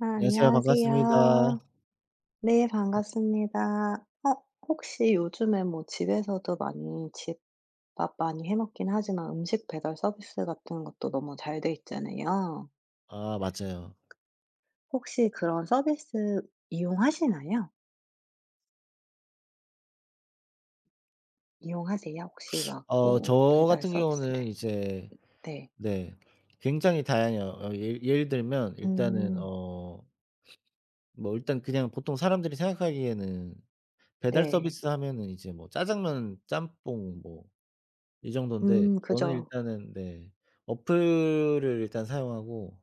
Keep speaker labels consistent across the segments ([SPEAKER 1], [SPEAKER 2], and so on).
[SPEAKER 1] 아
[SPEAKER 2] 안녕하세요 반갑습니다.
[SPEAKER 1] 안녕하세요. 네. 반갑습니다. 어 혹시 요즘에 뭐 집에서도 많이 집밥 많이 해 먹긴 하지만 음식 배달 서비스 같은 것도 너무 잘 돼 있잖아요.
[SPEAKER 2] 아 맞아요.
[SPEAKER 1] 혹시 그런 서비스 이용하시나요? 이용하세요, 혹시 막
[SPEAKER 2] 어
[SPEAKER 1] 뭐
[SPEAKER 2] 저
[SPEAKER 1] 배달
[SPEAKER 2] 같은
[SPEAKER 1] 서비스를?
[SPEAKER 2] 경우는 이제
[SPEAKER 1] 네.
[SPEAKER 2] 네. 굉장히 다양해요. 어 예 예를 들면 일단은
[SPEAKER 1] 음.
[SPEAKER 2] 어 뭐 일단 그냥 보통 사람들이 생각하기에는 배달
[SPEAKER 1] 네.
[SPEAKER 2] 서비스하면은 이제 뭐 짜장면 짬뽕 뭐 이 정돈데
[SPEAKER 1] 음
[SPEAKER 2] 저는
[SPEAKER 1] 그죠.
[SPEAKER 2] 일단은 네. 어플을 일단 사용하고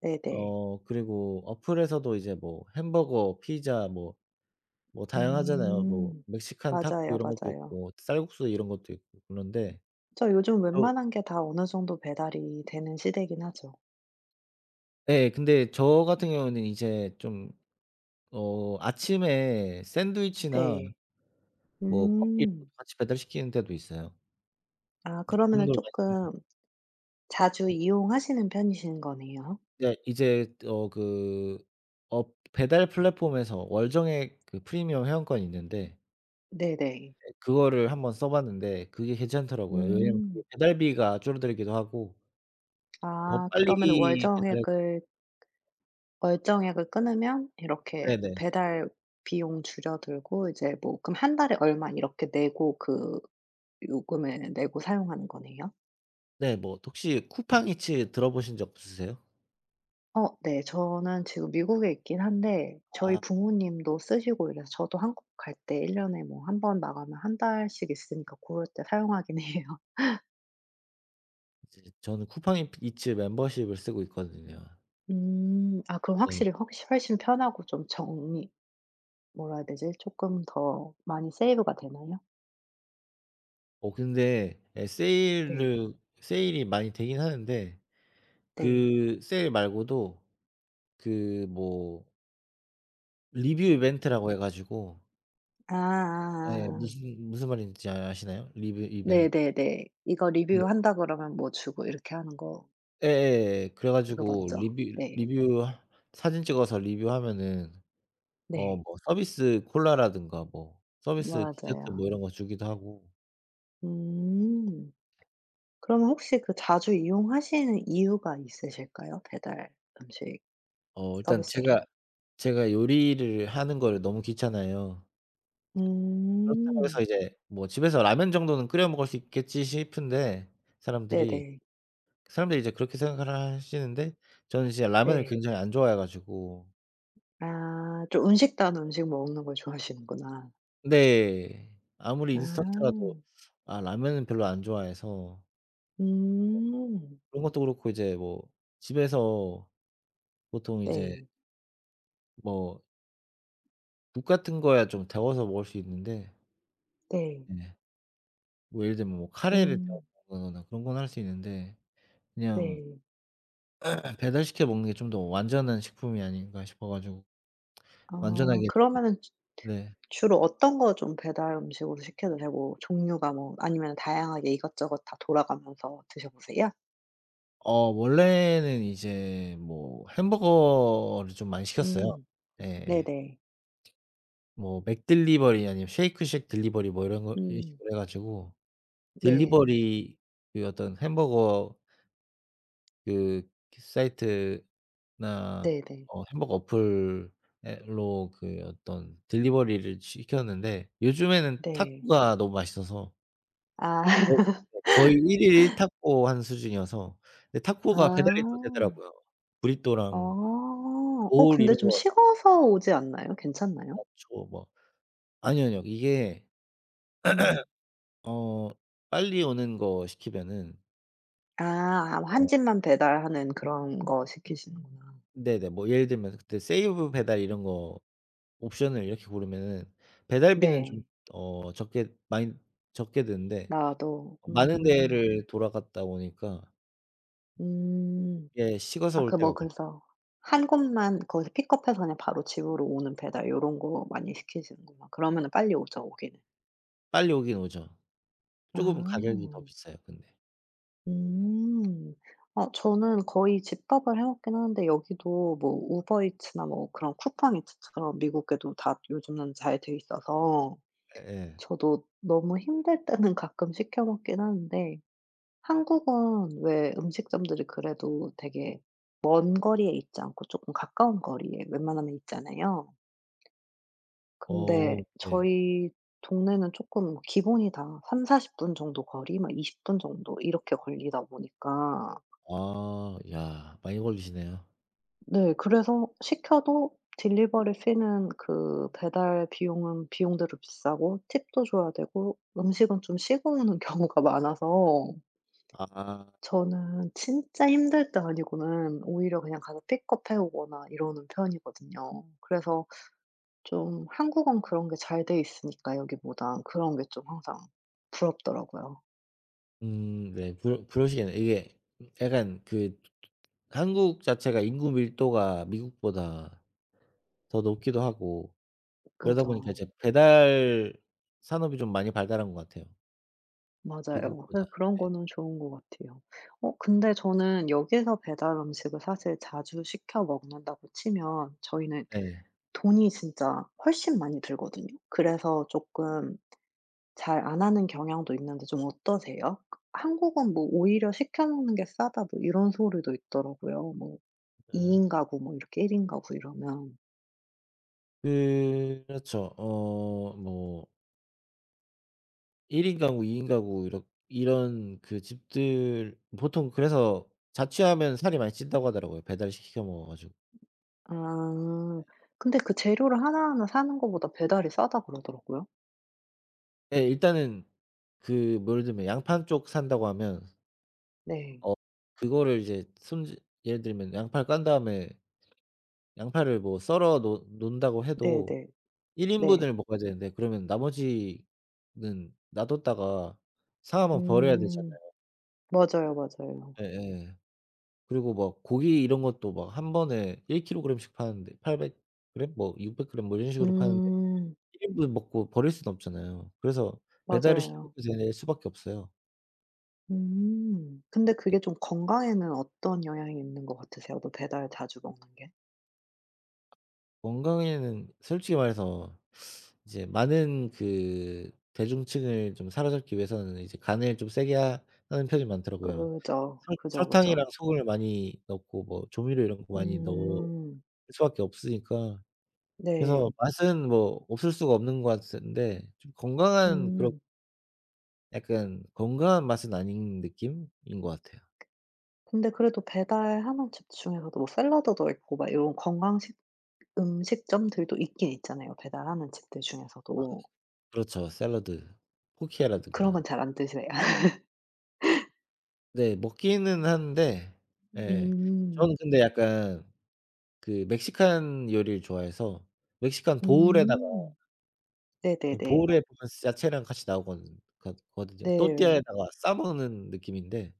[SPEAKER 1] 네네.
[SPEAKER 2] 어 그리고 어플에서도 이제 뭐 햄버거 피자 뭐 뭐 다양하잖아요. 뭐
[SPEAKER 1] 음
[SPEAKER 2] 멕시칸 타코
[SPEAKER 1] 맞아요,
[SPEAKER 2] 이런 것도
[SPEAKER 1] 맞아요.
[SPEAKER 2] 있고 쌀국수 이런 것도 있고 그런데
[SPEAKER 1] 그쵸. 요즘
[SPEAKER 2] 어.
[SPEAKER 1] 웬만한 게 다 어느 정도 배달이 되는 시대긴 하죠.
[SPEAKER 2] 예. 근데 저 같은 경우는 이제 좀 어 아침에 샌드위치나
[SPEAKER 1] 네.
[SPEAKER 2] 뭐 커피도
[SPEAKER 1] 음.
[SPEAKER 2] 같이 배달시키는 데도 있어요.
[SPEAKER 1] 아
[SPEAKER 2] 네. 그
[SPEAKER 1] 그러면은
[SPEAKER 2] 정도로 많이 씁니다.
[SPEAKER 1] 쪼끔 자주
[SPEAKER 2] 음.
[SPEAKER 1] 이용하시는 편이신 거네요.
[SPEAKER 2] 네. 이제 어 그 엎 배달 플랫폼에서 월 정액 그 프리미엄 회원권이 있는데
[SPEAKER 1] 네네.
[SPEAKER 2] 그거를 1 번 써 봤는데 그게 괜찮더라고요. 왜냐면 그
[SPEAKER 1] 음.
[SPEAKER 2] 배달비가 줄어들기도 하고 더
[SPEAKER 1] 아
[SPEAKER 2] 빨리
[SPEAKER 1] 그러면 월
[SPEAKER 2] 배달해 줘
[SPEAKER 1] 정액을 월 정액 을 끊으면 이렇게
[SPEAKER 2] 네네.
[SPEAKER 1] 배달 비용 줄어들고 이제 뭐 그럼 1 달에 얼마 이렇게 내고 그 요금을 내고 사용하는 거네요?
[SPEAKER 2] 네. 뭐 혹시 쿠팡 이츠 들어 보신 적 없으세요?
[SPEAKER 1] 어 네. 저는 지금 미국에 있긴 한데 저희
[SPEAKER 2] 아.
[SPEAKER 1] 부모님도 쓰시고 이래서 저도 한국 갈 때 1 년에 뭐 1 번 나가면 1 달씩 있으니까 고럴 때 사용하긴 해요.
[SPEAKER 2] 이제 저는 쿠팡 잇 이츠 멤버십을 쓰고 있거든요.
[SPEAKER 1] 음. 아 그럼
[SPEAKER 2] 예.
[SPEAKER 1] 확실히 헉시 훨씬 편하고 쫌 정리 뭐라 해야 되지? 쪼끔 더 많이 세이브가 되나요?
[SPEAKER 2] 어 근데 예
[SPEAKER 1] 네.
[SPEAKER 2] 세일을 세일이 많이 되긴 하는데
[SPEAKER 1] 네.
[SPEAKER 2] 그 세일 말고도 그 뭐 리뷰
[SPEAKER 1] 음.
[SPEAKER 2] 이벤트라고 해 가지고
[SPEAKER 1] 아 아
[SPEAKER 2] 예.
[SPEAKER 1] 아 아.
[SPEAKER 2] 무슨 무슨 말인지 아시나요? 리뷰
[SPEAKER 1] 네
[SPEAKER 2] 이벤
[SPEAKER 1] 네 네. "이거
[SPEAKER 2] 예.
[SPEAKER 1] 리뷰한다." 그러면 뭐 주고 이렇게 하는 거.
[SPEAKER 2] 예 예 예. 그래
[SPEAKER 1] 그거
[SPEAKER 2] 가지고
[SPEAKER 1] 맞죠?
[SPEAKER 2] 리뷰
[SPEAKER 1] 네.
[SPEAKER 2] 리뷰 사진 찍어서 리뷰하면은 어
[SPEAKER 1] 네.
[SPEAKER 2] 뭐 서비스 콜라라든가 뭐 서비스 디저트
[SPEAKER 1] 맞아요.
[SPEAKER 2] 뭐 이런 거 주기도 하고.
[SPEAKER 1] 음. 그러면 혹시 그 자주 이용하시는 이유가 있으실까요? 배달 음식
[SPEAKER 2] 어 일단
[SPEAKER 1] 서비스를?
[SPEAKER 2] 제가 제가 요리를 하는 거를 너무 귀찮아해요. 그렇다고 해서
[SPEAKER 1] 음.
[SPEAKER 2] 이제 '뭐 집에서 라면 정도는 끓여 먹을 수 있겠지.' 싶은데
[SPEAKER 1] 네
[SPEAKER 2] 사람들이.
[SPEAKER 1] 네.
[SPEAKER 2] 사람들이 이제 그렇게 생각을 하시는데 저는 이제 라면을
[SPEAKER 1] 네.
[SPEAKER 2] 굉장히 안 좋아해 가지고.
[SPEAKER 1] 아. 좀 음식다운 음식 먹는 걸 좋아하시는구나.
[SPEAKER 2] 네. 아무리 인스턴트라도
[SPEAKER 1] 아.
[SPEAKER 2] 아 라면은 별로 안 좋아해서. 어.
[SPEAKER 1] 음.
[SPEAKER 2] 그런 것도 그렇고 이제 뭐 집에서 보통 이제
[SPEAKER 1] 네.
[SPEAKER 2] 뭐 국 같은 거야 좀 데워서 먹을 수 있는데.
[SPEAKER 1] 네.
[SPEAKER 2] 네. 뭐 예를 들면 뭐 카레를
[SPEAKER 1] 음.
[SPEAKER 2] 데운다거나 그런 건 할 수 있는데 '그냥
[SPEAKER 1] 네.
[SPEAKER 2] 배달시켜 먹는 게 좀 더 완전한 식품이 아닌가?' 싶어 가지고
[SPEAKER 1] 아
[SPEAKER 2] 완전하게 좀
[SPEAKER 1] 그러면은 즈
[SPEAKER 2] 네.
[SPEAKER 1] 주로 어떤 거 좀 배달 음식으로 시켜 드세요? 뭐 종류가 뭐 아니면 다양하게 이것저것 다 돌아가면서 드셔 보세요?
[SPEAKER 2] 어 원래는 이제 뭐 햄버거를 좀 많이 시켰어요.
[SPEAKER 1] 음
[SPEAKER 2] 예
[SPEAKER 1] 네
[SPEAKER 2] 예.
[SPEAKER 1] 네.
[SPEAKER 2] 뭐 맥딜리버리 아니면 쉐이크쉑 딜리버리 뭐 이런 거 이런
[SPEAKER 1] 음.
[SPEAKER 2] 식으로 해 가지고
[SPEAKER 1] 네.
[SPEAKER 2] 딜리버리 그 어떤 햄버거 그, 그 사이트나
[SPEAKER 1] 네 네.
[SPEAKER 2] 어 햄버거 어플에 로 그 어떤 딜리버리를 시켰는데 요즘에는
[SPEAKER 1] 네.
[SPEAKER 2] 타코가 너무 맛있어서
[SPEAKER 1] 아.
[SPEAKER 2] 어 네. 거의 1 일 1 타코하는 수준이어서. 근데 타코가 배달이 또
[SPEAKER 1] 아.
[SPEAKER 2] 되더라고요. 브리또랑
[SPEAKER 1] 어. 어
[SPEAKER 2] 보울
[SPEAKER 1] 근데
[SPEAKER 2] 이런
[SPEAKER 1] 좀
[SPEAKER 2] 거 나
[SPEAKER 1] 식어서 오지 않나요? 괜찮나요?
[SPEAKER 2] 나초 뭐 아니요, 아니요. 이게
[SPEAKER 1] 음.
[SPEAKER 2] 어 빨리 오는 거 시키면은
[SPEAKER 1] 아 와 1
[SPEAKER 2] 어.
[SPEAKER 1] 집만 배달하는 그런 거 시키시는구나.
[SPEAKER 2] 네네. 뭐 예를 들면 그때 세이브 배달 이런 거 옵션을 이렇게 고르면은 배달비는 좀
[SPEAKER 1] 네.
[SPEAKER 2] 어 적게 많이 적게 드는데
[SPEAKER 1] 나도.
[SPEAKER 2] 어 많은
[SPEAKER 1] 음.
[SPEAKER 2] 데를 돌아갔다 오니까.
[SPEAKER 1] 음.
[SPEAKER 2] 예. 식어서
[SPEAKER 1] 아
[SPEAKER 2] 올
[SPEAKER 1] 그
[SPEAKER 2] 때가
[SPEAKER 1] 뭐
[SPEAKER 2] 많아
[SPEAKER 1] 그래서 1 곳만 거기서 픽업해서 그냥 바로 집으로 오는 배달 요런 거 많이 시키시는구나. 그러면은 빨리 오죠. 오기는.
[SPEAKER 2] 빨리 오긴 오죠. 쪼금 가격이 더
[SPEAKER 1] 아.
[SPEAKER 2] 비싸요. 근데.
[SPEAKER 1] 음. 어 저는 거의 집밥을 해 먹긴 하는데 여기도 뭐 우버 이츠나 뭐 그런 쿠팡 이츠처럼 미국에도 다 요즘은 잘돼 있어서
[SPEAKER 2] 예예.
[SPEAKER 1] 저도 너무 힘들 때는 가끔 시켜 먹긴 하는데 한국은 왜 음식점들이 그래도 되게 먼 거리에 있지 않고 쪼끔 가까운 거리에 웬만하면 있잖아요.
[SPEAKER 2] 어.
[SPEAKER 1] 근데
[SPEAKER 2] 네.
[SPEAKER 1] 저희 동네는 쪼끔 기본이 다 30-40 분 정도 거리 막 20 분 정도 이렇게 걸리다 보니까
[SPEAKER 2] 아. 야. 많이 걸리시네요.
[SPEAKER 1] 네. 그래서 시켜도 딜리버리 fee는 그 배달 비용은 비용대로 비싸고 팁도 줘야 되고 음식은 좀 식어 오는 경우가 많아서
[SPEAKER 2] 아.
[SPEAKER 1] 저는 진짜 힘들 때 아니고는 오히려 그냥 가서 픽업해 오거나 이러는 편이거든요. 그래서 쫌 한국은 그런 게 잘돼 있으니까 여기보다 그런 게 쫌 항상 부럽더라고요.
[SPEAKER 2] 음. 네. 그러 그러시겠네. 이게 음 약간 그 츠 츠 한국 자체가 인구 밀도가 미국보다 더 높기도 하고 그러다 보니까
[SPEAKER 1] 그죠.
[SPEAKER 2] 이제 배달 산업이 좀 많이 발달한 것 같아요
[SPEAKER 1] 맞아요.
[SPEAKER 2] 미국보다.
[SPEAKER 1] 그래서 그런
[SPEAKER 2] 네.
[SPEAKER 1] 거는 좋은 것 같아요. 어. 근데 저는 여기에서 배달 음식을 사실 자주 시켜 먹는다고 치면 저희는
[SPEAKER 2] 네.
[SPEAKER 1] 돈이 진짜 훨씬 많이 들거든요. 그래서 쪼끔 잘 안 하는 경향도 있는데 좀 어떠세요? '한국은 뭐 오히려 시켜 먹는 게 싸다.' 뭐 이런 소리도 있더라고요. 뭐 2
[SPEAKER 2] 예.
[SPEAKER 1] 인 가구 뭐 이렇게 1 인 가구 이러면.
[SPEAKER 2] 예. 그렇죠. 어 뭐 1 인 가구 2 인 가구 이렇 이런 그 집들 보통 그래서 자취하면 살이 많이 찐다고 하더라고요 배달 시 시켜 먹어 가지고.
[SPEAKER 1] 아.
[SPEAKER 2] 예.
[SPEAKER 1] 근데 "그 재료를 하나하나 사는 것보다 배달이 싸다." 그러더라고요.
[SPEAKER 2] 예. 일단은 그 뭐 예를 들면 양파 1 쪽 산다고 하면
[SPEAKER 1] 네.
[SPEAKER 2] 어 그거를 이제 손질 예를 들면 양파를 깐 다음에 양파를 뭐 썰어 놓 놓는다고
[SPEAKER 1] 네
[SPEAKER 2] 해도
[SPEAKER 1] 네.
[SPEAKER 2] 1
[SPEAKER 1] 네.
[SPEAKER 2] 인분을 먹어야 되는데 그러면 나머지는 놔뒀다가 상하면 버려야
[SPEAKER 1] 음.
[SPEAKER 2] 되잖아요.
[SPEAKER 1] 맞아요, 맞아요.
[SPEAKER 2] 예예. 그리고 막 고기 이런 것도 막 한 번에 1 킬로그램 씩 파는데 800 그램 뭐 600 그램 뭐 이런 식으로 파는데
[SPEAKER 1] 음.
[SPEAKER 2] 1 인분을 먹고 버릴 수는 없잖아요. 그래서 배달을 시켜
[SPEAKER 1] 맞아요.
[SPEAKER 2] 먹게 될 수밖에 없어요.
[SPEAKER 1] 음. 근데
[SPEAKER 2] 예.
[SPEAKER 1] 그게 좀 건강에는 어떤 영향이 있는 거 같으세요? 또 배달 자주 먹는 게?
[SPEAKER 2] 건강에는 솔직히 말해서 이제 많은 그 대중층을 좀 사로잡기 위해서는 이제 간을 좀 세게 하 하는 편이 많더라고요.
[SPEAKER 1] 그죠.
[SPEAKER 2] 설
[SPEAKER 1] 그죠,
[SPEAKER 2] 설탕이랑
[SPEAKER 1] 그죠.
[SPEAKER 2] 소금을 많이 넣고 뭐 조미료 이런 거 많이 넣을
[SPEAKER 1] 음.
[SPEAKER 2] 수밖에 없으니까. 그래서
[SPEAKER 1] 네.
[SPEAKER 2] 맛은 뭐 없을 수가 없는 것 같은데 좀 건강한 그런
[SPEAKER 1] 음.
[SPEAKER 2] 약간 건강한 맛은 아닌 느낌인 것 같아요.
[SPEAKER 1] 근데 그래도 배달하는 집 중에서도 뭐 샐러드도 있고 막 이런 건강식 음식점들도 있긴 있잖아요. 배달하는 집들
[SPEAKER 2] 아
[SPEAKER 1] 중에서도.
[SPEAKER 2] 그렇죠. 샐러드,
[SPEAKER 1] 그런 건
[SPEAKER 2] 쿠키라든가.
[SPEAKER 1] 잘 안 드세
[SPEAKER 2] 네. 먹기는 하는데 예예.
[SPEAKER 1] 음.
[SPEAKER 2] 저는 근데 약간 그 멕시칸 요리를 좋아해서 멕시칸 보울에다가
[SPEAKER 1] 음. 네 네
[SPEAKER 2] 그
[SPEAKER 1] 네.
[SPEAKER 2] 보울에 보면 쓰 야채랑 같이 나오거는 거드 거든요.
[SPEAKER 1] 네.
[SPEAKER 2] 또띠아에다가 싸 먹는 느낌인데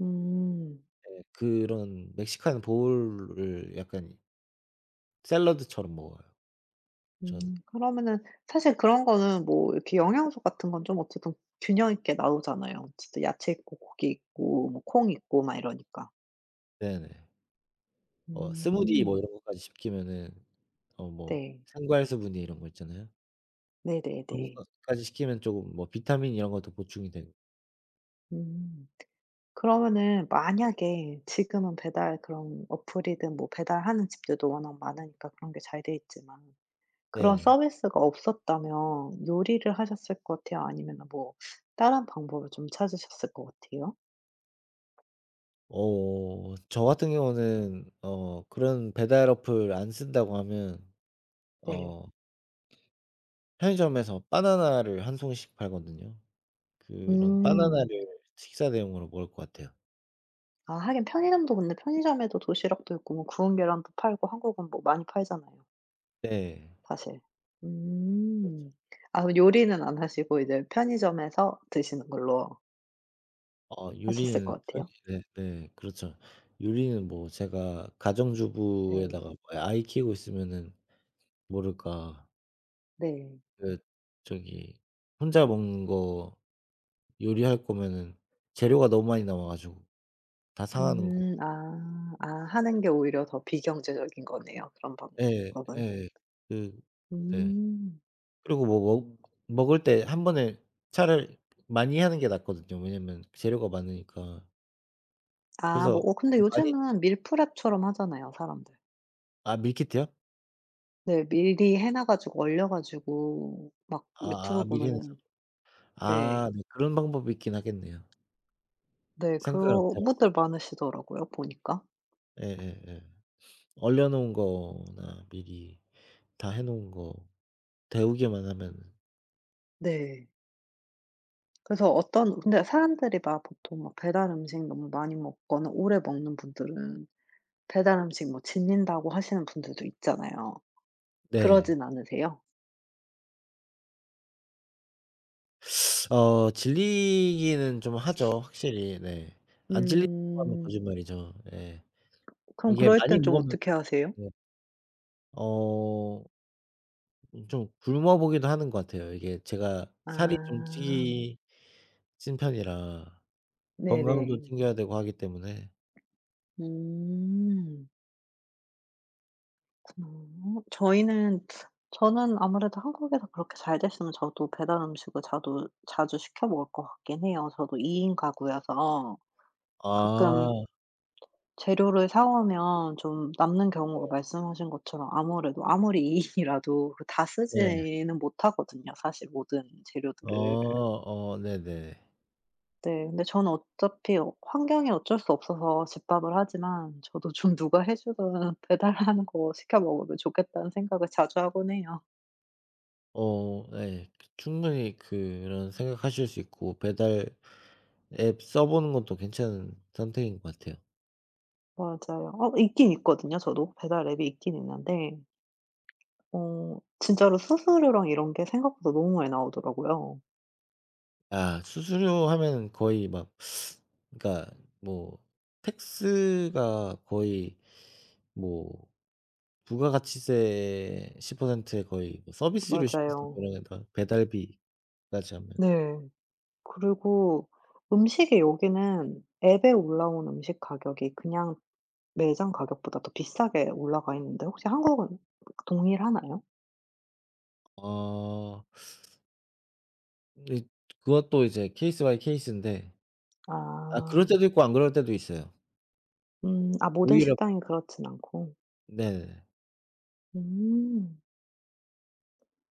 [SPEAKER 1] 음.
[SPEAKER 2] 예 그런 멕시칸 보울을 약간 샐러드처럼 먹어요
[SPEAKER 1] 음
[SPEAKER 2] 저는.
[SPEAKER 1] 그러면은 사실 그런 거는 뭐 이렇게 영양소 같은 건 좀 어쨌든 균형 있게 나오잖아요. 어쨌든 야채 있고 고기 있고 뭐 콩 있고 막 이러니까.
[SPEAKER 2] 네 네. 어 스무디 뭐
[SPEAKER 1] 음.
[SPEAKER 2] 이런 거까지 시키면은 어 뭐
[SPEAKER 1] 네.
[SPEAKER 2] 생과일 스무디 이런 거 있잖아요.
[SPEAKER 1] 네 네
[SPEAKER 2] 그런
[SPEAKER 1] 네.
[SPEAKER 2] 것까 까지 시키면 쪼금 뭐 비타민 이런 것도 보충이 되고
[SPEAKER 1] 음 그러면은 만약에 지금은 배달 그런 어플이든 뭐 배달하는 집들도 워낙 많으니까 그런 게 잘돼 있지만 그런
[SPEAKER 2] 네.
[SPEAKER 1] 서비스가 없었다면 요리를 하셨을 것 같아요 아니면은 뭐 다른 방법을 좀 찾으셨을 것 같아요?
[SPEAKER 2] 어. 저 같은 경우는 어 그런 배달 어플 안 쓴다고 하면
[SPEAKER 1] 네.
[SPEAKER 2] 어 편의점에서 바나나를 1 송이씩 팔거든요. 그런
[SPEAKER 1] 음.
[SPEAKER 2] 바나나를 식사 대용으로 먹을 것 같아요.
[SPEAKER 1] 아 하긴 편의점도 근데 편의점에도 도시락도 있고 뭐 구운 계란도 팔고 한국은 뭐 많이 팔잖아요
[SPEAKER 2] 네.
[SPEAKER 1] 사실.
[SPEAKER 2] 그렇죠.
[SPEAKER 1] 음. 아 그 요리는 안 하시고 이제 편의점에서 드시는 걸로
[SPEAKER 2] 어
[SPEAKER 1] 하셨을 것
[SPEAKER 2] 요리는 서기
[SPEAKER 1] 같아요?
[SPEAKER 2] 네네. 그렇죠. 요리는 뭐 제가
[SPEAKER 1] 네.
[SPEAKER 2] 가정주부에다가 뭐 아이 키우고 있으면은 모를까
[SPEAKER 1] 네.
[SPEAKER 2] 그 저기 혼자 먹는 거 요리할 거면은 재료가 너무 많이 나와 가지고 다 상하는 거.
[SPEAKER 1] 음. 아. 아. 하는
[SPEAKER 2] 네.
[SPEAKER 1] 게 오히려 더 비경제적인 거네요 그런
[SPEAKER 2] 예.
[SPEAKER 1] 방법은.
[SPEAKER 2] 예. 그 네.
[SPEAKER 1] 음.
[SPEAKER 2] 그리고 뭐 먹 먹을 때 1 번에 차라리 많이 하는 게 낫거든요. 왜냐면 재료가 많으니까.
[SPEAKER 1] 아. 뭐
[SPEAKER 2] 그래서
[SPEAKER 1] 어 근데
[SPEAKER 2] 좀 많이
[SPEAKER 1] 요즘은 밀프렙처럼 하잖아요, 사람들.
[SPEAKER 2] 아, 밀키트요?
[SPEAKER 1] 네, 미리 해 놔 가지고, 얼려 가지고 막
[SPEAKER 2] 아
[SPEAKER 1] 유튜브
[SPEAKER 2] 아, 미리 해서.
[SPEAKER 1] 보면은. 네.
[SPEAKER 2] 아, 네, 그런 방법이 있긴 하겠네요.
[SPEAKER 1] 네,
[SPEAKER 2] 생각을 못 해
[SPEAKER 1] 그런
[SPEAKER 2] 봤어.
[SPEAKER 1] 분들 많으시더라고요, 보니까.
[SPEAKER 2] 예예예. 얼려 놓은 거나 미리 다 해 놓은 거 데우기만 하면은
[SPEAKER 1] 네. 그래서 어떤 근데 사람들이 막 보통 배달음식 너무 많이 먹거나 오래 먹는 분들은 배달음식 뭐 질린다고 하시는 분들도 있잖아요.
[SPEAKER 2] 네.
[SPEAKER 1] 그러진 않으세요?
[SPEAKER 2] 어. 질리기는 좀 하죠, 확실히. 네. 안 질린다고 하면
[SPEAKER 1] 음.
[SPEAKER 2] 거짓말이죠. 예.
[SPEAKER 1] 그럼
[SPEAKER 2] 이게
[SPEAKER 1] 그럴
[SPEAKER 2] 많이
[SPEAKER 1] 땐 좀
[SPEAKER 2] 먹으면
[SPEAKER 1] 어떻게 하세요?
[SPEAKER 2] 네. 어. 음 좀 굶어 보기도 하는 것 같아요. 이게 제가 살이 좀
[SPEAKER 1] 아.
[SPEAKER 2] 찌 찐 편이라 건강도
[SPEAKER 1] 네네.
[SPEAKER 2] 챙겨야 되고 하기 때문에
[SPEAKER 1] 음. 그렇구나. 어 저희는 저는 아무래도 한국에서 그렇게 잘 됐으면 저도 배달 음식을 자두 자주 시켜 먹을 것 같긴 해요. 저도 2 인 가구여서 가끔
[SPEAKER 2] 아.
[SPEAKER 1] ...재료를 사오면 좀 남는 경우가
[SPEAKER 2] 네.
[SPEAKER 1] 말씀하신 것처럼 아무래도 아무리 2인이라도 그 다
[SPEAKER 2] 네.
[SPEAKER 1] 쓰지는 못하거든요 사실 모든
[SPEAKER 2] 어
[SPEAKER 1] 재료들을.
[SPEAKER 2] 어. 네네.
[SPEAKER 1] 네. 근데 저는 어차피 어 환경이 어쩔 수 없어서 집밥을 하지만 저도 좀 누가 해 주거나 배달하는 거 시켜 먹으면 좋겠다는 생각을 자주 하곤 해요.
[SPEAKER 2] 어 예. 그 충분히 그런 생각하실 수 있고 배달 앱 써 보는 것도 괜찮은 선택인 것 같아요.
[SPEAKER 1] 맞아요. 어 그 있긴 있거든요 저도. 배달 앱이 있긴 있는데 어 진짜로 수수료랑 이런 게 생각보다 너무 많이 나오더라고요.
[SPEAKER 2] 아 수수료 하면은 거의 막 그러니까 뭐 tax가 거의 뭐 부가가치세 10% 에 거의 뭐 서비스료 10%
[SPEAKER 1] 맞아요.
[SPEAKER 2] 그러면 다, 배달비까지 하면.
[SPEAKER 1] 네. 그리고 음식이 여기는 앱에 올라온 음식 가격이 그냥 매장 가격보다 더 비싸게 올라가 있는데 혹시 한국은 동일하나요?
[SPEAKER 2] 아. 근데 그것도 이제 케이스 바이 케이슨데. 아, 그럴
[SPEAKER 1] 아.
[SPEAKER 2] 때도 있고 안 그럴 때도 있어요.
[SPEAKER 1] 음. 아 모든
[SPEAKER 2] 오히려
[SPEAKER 1] 식당이 그렇진 않고.
[SPEAKER 2] 네.
[SPEAKER 1] 음.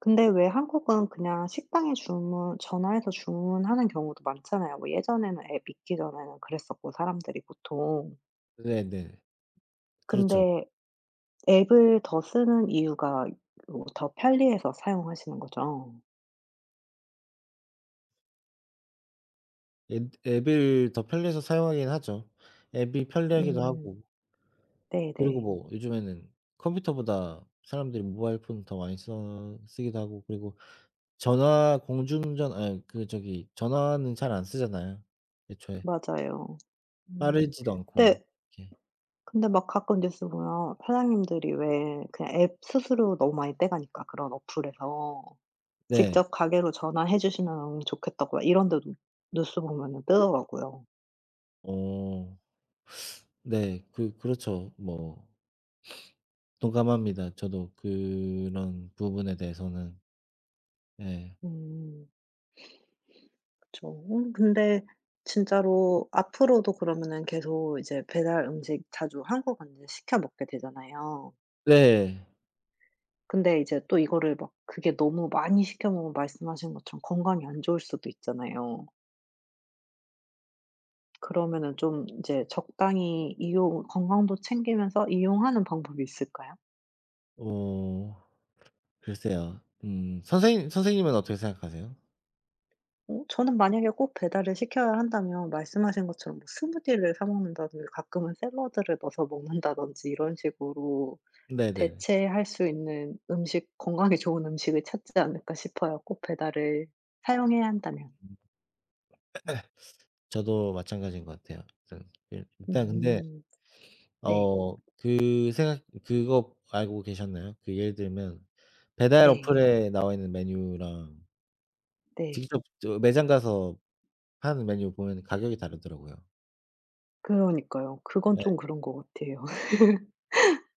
[SPEAKER 1] 근데 왜 한국은 그냥 식당에 주문 전화해서 주문하는 경우도 많잖아요. 뭐 예전에는 앱 있기 전에는 그랬었고 사람들이 보통.
[SPEAKER 2] 네네. 그렇죠.
[SPEAKER 1] 근데 앱을 더 쓰는 이유가 어 더 편리해서 사용하시는 거죠?
[SPEAKER 2] 앤드 앱을 더 편리해서 사용하긴 하죠. 앱이 편리하기도
[SPEAKER 1] 음.
[SPEAKER 2] 하고. 그리고
[SPEAKER 1] 네네.
[SPEAKER 2] 뭐 요즘에는 컴퓨터보다 사람들이 모바일 폰을 더 많이 써 쓰기도 하고 그리고
[SPEAKER 1] 음.
[SPEAKER 2] 전화, 공중전 아이 그 저기 전화는 잘 안 쓰잖아요. 애초에.
[SPEAKER 1] 맞아요. 음
[SPEAKER 2] 빠르지도
[SPEAKER 1] 네.
[SPEAKER 2] 않고
[SPEAKER 1] 읍.
[SPEAKER 2] 그게.
[SPEAKER 1] 근데 막 가끔 뉴스 보면 아 사장님들이 왜 그냥 앱 수수료 너무 많이 떼가니까 그런 어플에서.
[SPEAKER 2] 네.
[SPEAKER 1] 직접 가게로 전화해 주시면 좋겠다고 아 이런 데도 뉴스 보면은 뜨더라고요.
[SPEAKER 2] 어. 네, 그 그렇죠. 뭐 동감합니다 저도 그런 부분에 대해서는. 네.
[SPEAKER 1] 음. 그쵸. 음 근데 진짜로 앞으로도 그러면은 계속 이제 배달 음식 자주 한동안은 시켜 먹게 되잖아요.
[SPEAKER 2] 네.
[SPEAKER 1] 근데 이제 또 이거를 막 그게 너무 많이 시켜 먹으면 말씀하신 것처럼 건강이 안 좋을 수도 있잖아요. 그러면은 좀 이제 적당히 이용 건강도 챙기면서 이용하는 방법이 있을까요?
[SPEAKER 2] 어, 글쎄요. 음. 선생님 선생님은 어떻게 생각하세요?
[SPEAKER 1] 어 저는 만약에 꼭 배달을 시켜야 한다면 말씀하신 것처럼 뭐 스무디를 사 먹는다든지 가끔은 샐러드를 넣어서 먹는다든지 이런 식으로
[SPEAKER 2] 네네.
[SPEAKER 1] 대체할 수 있는 음식, 건강에 좋은 음식을 찾지 않을까 싶어요, 꼭 배달을 사용해야 한다면.
[SPEAKER 2] 저도 마찬가지인 것 같아요. [unintelligible] 일단 근데
[SPEAKER 1] 음. 네.
[SPEAKER 2] 어 그 생각 그거 알고 계셨나요? 그 예를 들면 배달
[SPEAKER 1] 네.
[SPEAKER 2] 어플에 나와있는 메뉴랑
[SPEAKER 1] 네.
[SPEAKER 2] 직접 저 매장 가서 파는 메뉴 보면은 가격이 다르더라고요.
[SPEAKER 1] 그러니까요. 그건
[SPEAKER 2] 네.
[SPEAKER 1] 좀 그런 거 같아요.